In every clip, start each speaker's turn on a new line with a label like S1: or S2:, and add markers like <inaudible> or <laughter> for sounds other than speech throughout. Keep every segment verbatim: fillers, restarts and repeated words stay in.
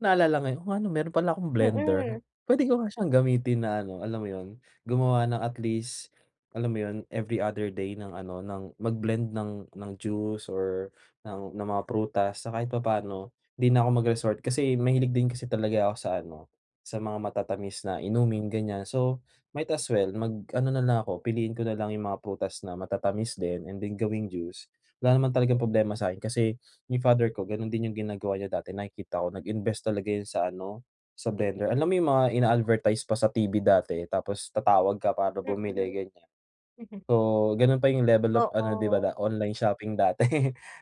S1: Naalala ngayon, oo nga 'no, mayro'n pala akong blender.
S2: Mm.
S1: Puwede ko nga siyang gamitin na, ano, alam mo 'yon, gumawa ng at least, alam mo 'yon, every other day ng, ano, ng mag blend ng ng juice or ng ng mga prutas. Sa kahit papaano 'di na ako mag-resort kasi mahilig din kasi talaga ako sa, ano, sa mga matatamis na inumin, ganiyan. So might as well mag-ano nalang ako, piliin ko nalang 'yong mga prutas na matatamis din and then gawing juice. Wala naman talagang problema sa 'kin kasi 'yong father ko gano'n din 'yong ginagawa niya dati, nakikita ko, nag-invest talaga 'yon sa, ano, sa blender, alam mo 'yong mga ina-advertise pa sa T-V dati tapos tatawag ka para bumili,
S2: Mm.
S1: ganiyan.
S2: <chuckles>
S1: So gano'n pa 'yong level of ano, 'di ba,
S2: Oo.
S1: online shopping dati,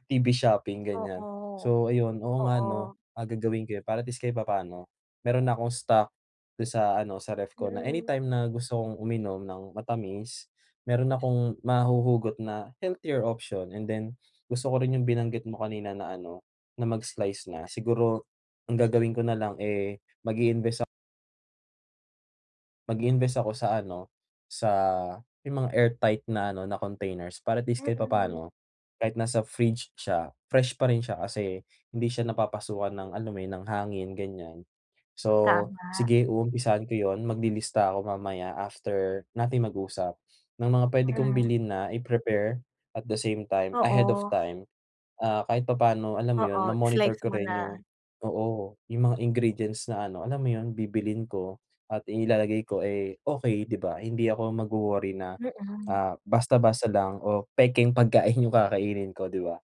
S1: T-V shopping ganiyan.
S2: Oo,
S1: So ayun oo nga, ano,
S2: oo.
S1: ah, gagawin ko 'yon. Para at least, kahit papaano mayro'n na akong stock do'n sa, ano, sa ref ko na
S2: Mm.
S1: anytime na gusto kong uminom ng matamis, mayro'n akong mahuhugot na healthier option and then gusto ko rin 'yong binanggit mo kanina na, ano, na mag-slice na siguro ang gagawin ko nalang, eh, mag-i-invest ak mag-i-invest ako sa, ano, sa may mga airtight na, ano, na containers para at least, kahit
S2: Mm.
S1: papaano, kahit nasa fridge siya, fresh pa rin siya kasi hindi siya napapasukan ng, alam mo 'yon, ng hangin, ganiyan. So,
S2: Tama.
S1: sige umumpisahan ko 'yon, maglilista ako mamaya after nating mag-usap ng mga puwede kong
S2: Hmm.
S1: bilhin na i-prepare at the same time, ahead of
S2: Oo.
S1: time. Ah, kahit papaano, alam mo 'yon
S2: Oo,
S1: ma-monitor
S2: slice
S1: ko
S2: mo
S1: rin
S2: na.
S1: 'yong oo, 'yong mga ingredients na, ano, alam mo 'yon bibilhin ko at inilalagay ko, eh, okey, 'di ba? Hindi ako magwo-worry na,
S2: Mm.
S1: ah, basta-basta lang o pekeng pagkain 'yong kakainin ko, 'di ba?